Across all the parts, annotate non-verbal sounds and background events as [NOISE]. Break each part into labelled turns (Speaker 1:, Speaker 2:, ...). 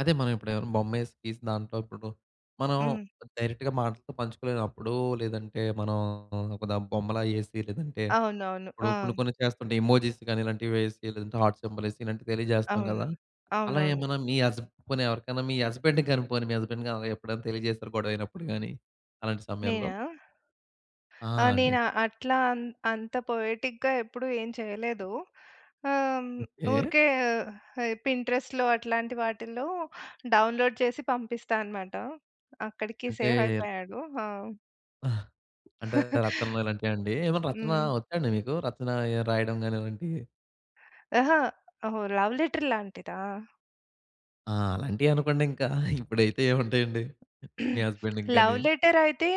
Speaker 1: అదే మనం ఎప్పుడు ఏమైనా బొమ్మేసి, గీసిన దాంట్లో ఇప్పుడు మనం
Speaker 2: హ్మ్.
Speaker 1: డైరెక్ట్‌గా మాటలతో పంచుకోలేనప్పుడు, లేదంటే, మనం ఒక బొమ్మలా ఎసి, లేదంటే
Speaker 2: అవునవును.
Speaker 1: ఇప్పుడు
Speaker 2: ఆ!
Speaker 1: కొన్ని కొన్ని చేస్తుంటే, ఎమోజీస్ గాని ఇలాంటివి వేసి, లేదంటే హార్ట్ సింబాలేసి ఇలాంటివి తెలియజేస్తాం
Speaker 2: అవును.
Speaker 1: గదా! అలా
Speaker 2: అవునవును.
Speaker 1: ఏమన్నా మీ హస్బ గాని, పోనీ ఎవరికైనా మీ హస్బెండ్‌కి గాని, పోనీ మీ హస్బెండ్‌ గాని, ఎప్పుడైనా తెలియజేసారా? గొడవ అయినప్పుడు గాని, అలాంటి సమయంలో?
Speaker 2: నేనా?
Speaker 1: ఆ!
Speaker 2: ఆ!
Speaker 1: అండి.
Speaker 2: నేనా, అట్లా అంత్ అంత పోయెటిక్‌గా ఎప్పుడు ఏం చేయలేదు. ఆహ్, హ్మ్,
Speaker 1: ఓకే.
Speaker 2: ఊరికే పింట్రెస్ట్‌లో అట్లాంటి వాటిలో డౌన్లోడ్ చేసి పంపిస్తా అన్నమాట. అక్కడికి
Speaker 1: అంటే
Speaker 2: సేవ్ అయిపోయాడు. ఆ!
Speaker 1: ఆ! అంటే
Speaker 2: [CHUCKLES]
Speaker 1: రచనలు ఇలాంటియ అండి? ఏమన్నా రచన
Speaker 2: హ్మ్.
Speaker 1: ఒచ్చా అండి మీకు? రచన రాయడం గాని ఇలాంటివి.
Speaker 2: అహా! ఓహ్! లవ్ లెటర్ లాంటిదా?
Speaker 1: ఆ! అలాంటియే అనుకోండింకా. [CHUCKLES] ఇప్పుడైతే ఏముంటాయండి, మీ
Speaker 2: [CLEARS THROAT]
Speaker 1: హస్బెండ్‌కి గాని
Speaker 2: లవ్ లెటర్ అయితే,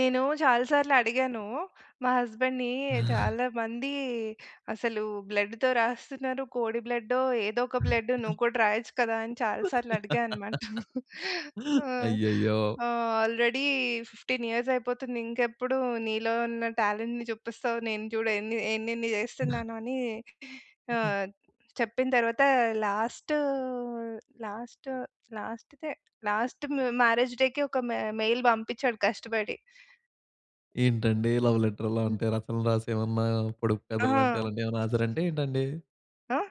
Speaker 2: నేను చాలా సార్లు అడిగాను. మా హస్బెండ్‌ని
Speaker 1: ఆ!
Speaker 2: చాలా మంది అసలు బ్లడ్‌తో రాస్తున్నారు. కోడి బ్లడ్డో, ఏదో ఒక బ్లడ్ నువ్వు
Speaker 1: [CHUCKLES]
Speaker 2: కూడా రాయొచ్చు కదా! అని చాలా సార్లు అడిగా
Speaker 1: [LAUGHS]
Speaker 2: [CHUCKLES] అన్నమాట. ఆ!
Speaker 1: అయ్యయ్యో!
Speaker 2: ఆల్రెడీ 15 ఇయర్స్ అయిపోతుంది. ఇంకెప్పుడు నీలో ఉన్న టాలెంట్‌ని జూపిస్తావు? నేను జూడు ఎన్ని ఎన్ని జేస్తున్నాను అని ఆహ్, చెప్పిన తరువాత లాస్టు, లాస్ట్, లాస్ట్‌దే లాస్ట్ మ్యారేజ్ డేకి ఒక మె మెయిల్ బంపించాడు కష్టపడి.
Speaker 1: ఏంటండీ లవ్ లెటర్‌లో
Speaker 2: హ్మ్.
Speaker 1: అంటే, రచనలు రాసి ఏమన్నా, పొడుపు కథలు
Speaker 2: ఆహా!
Speaker 1: అంటే అలాంటివి ఏమైనా రాసారంట ఏంటండి?
Speaker 2: ఆ!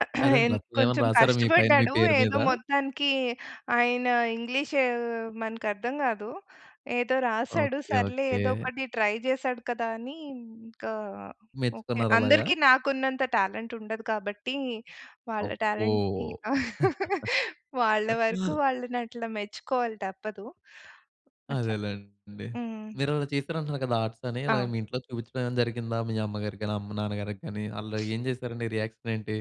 Speaker 2: [CLEARS THROAT]
Speaker 1: అదండి.
Speaker 2: ఎన్
Speaker 1: రచనలు ఏమైనా
Speaker 2: కొంచెం
Speaker 1: రాసారా? మీ పైన మీ
Speaker 2: కష్టపడ్డాడు.
Speaker 1: పేరు మీద?
Speaker 2: ఏదో మొత్తానికి ఆయన ఇంగ్లీషు మనకు అర్థం గాదు. ఏదో రాసాడు.
Speaker 1: ఓకే.
Speaker 2: సర్లే, ఏదో
Speaker 1: ఓకే.
Speaker 2: ఒకటి ట్రై జేసాడు కదా! అని ఇంకా, ఓకే.
Speaker 1: మెచ్చుకున్నార అలాగా?
Speaker 2: అందరికి నాకున్నంత టాలెంట్ ఉండదు కాబట్టి, వాళ్ళ
Speaker 1: అబ్బో!
Speaker 2: టాలెంట్‌ని [LAUGHS]
Speaker 1: [GIGGLES]
Speaker 2: వాళ్ళ వరకు వాళ్ళని అట్లా మెచ్చుకోవాలి తప్పదు. అట్లా.
Speaker 1: అదేలెండి.
Speaker 2: హ్మ్.
Speaker 1: మీరు చేశారంటున్నారు గదా! ఆర్ట్స్ అని, ఇలాగా
Speaker 2: ఆ!
Speaker 1: మీ ఇంట్లో చూపించడం ఏమైనా జరిగిందా? మీ అమ్మగారికి గానీ, అమ్మ-నాన్న గారికి గాని ఆళ్ళు
Speaker 2: [SNIFFS]
Speaker 1: ఏం జేసారండి రియాక్షన్ ఏంటి?